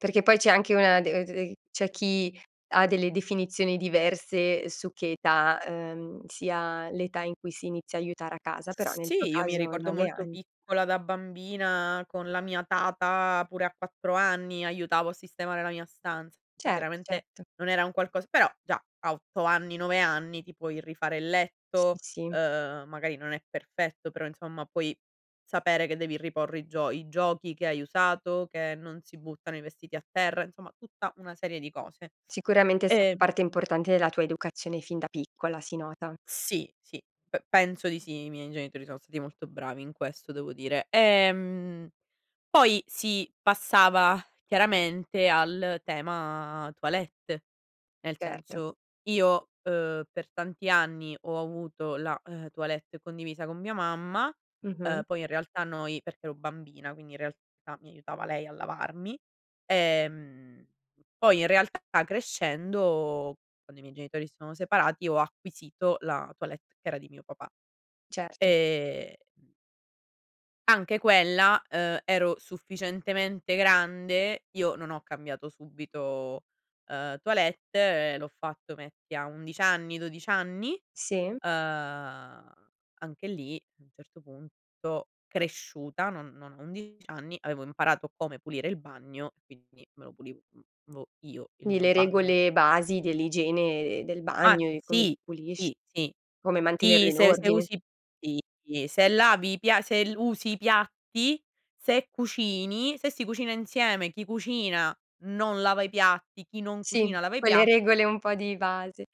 Perché poi c'è anche una de d c'è chi ha delle definizioni diverse su che età, uhm, sia l'età in cui si inizia a aiutare a casa, però nel tuo Sì, io mi caso ricordo 9 molto anni. piccola da bambina con la mia tata pure a 4 anni aiutavo a sistemare la mia stanza. Cert Chiaramente certo. non era un qualcosa però già a 8 anni, 9 anni ti puoi rifare il Sì, letto, sì. uhm, magari non è perfetto, però insomma puoi sapere che devi riporre i gio i giochi che hai usato, che non si buttano i vestiti a terra, insomma tutta una serie di cose. Sicuramente è stata Ehm parte importante della tua educazione fin da piccola, si nota. Sì, sì p penso di sì. I miei genitori sono stati molto bravi in questo devo dire. Ehm, poi si passava chiaramente al tema toilette. Nel Certo. senso, io, uhm, per tanti anni ho avuto la, uhm, toilette condivisa con mia mamma, uhm, Mh-mh. poi in realtà noi perché ero bambina, quindi in realtà mi aiutava lei a lavarmi. Ehm, poi in realtà crescendo, quando i miei genitori si sono separati, ho acquisito la toilette che era di mio papà. Certo. Ehm anche quella ehm, ero sufficientemente grande, io non ho cambiato subito, uhm, toilette, l'ho fatto metti a 11 anni, 12 anni? Sì. Uhm, anche lì a un certo punto cresciuta, non non a 11 anni avevo imparato come pulire il bagno e quindi me lo pulivo io, il Di mio le bagno. regole basi dell'igiene e d del Ma bagno e come si sì, pulisc sì, sì. come mantenerlo Sì, in se se ordine. usi sì sì, se lavi i pia se usi i piatti, se cucini, se si cucina insieme, chi cucina non lava i piatti, chi non Sì, cucina lava i quelle piatti. regole un po' di base.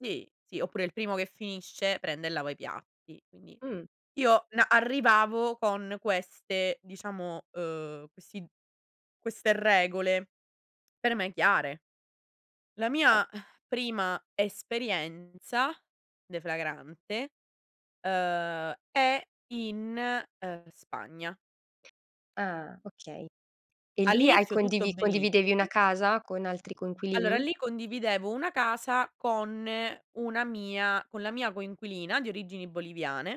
Sì, sì, oppure il primo che finisce prende e lava i piatti. Quindi Mh. io, uhm, arrivavo con queste diciamo, uhm, questi queste regole per me chiare. La Certo. mia prima esperienza deflagrante, uhm, è in, uhm, Spagna. Ah. Okay. E lì hai All'inizio tutto condivi condividevi una benissimo. casa con altri Allora coinquilini? lì condividevo una casa con una mia con la mia coinquilina di origini boliviane.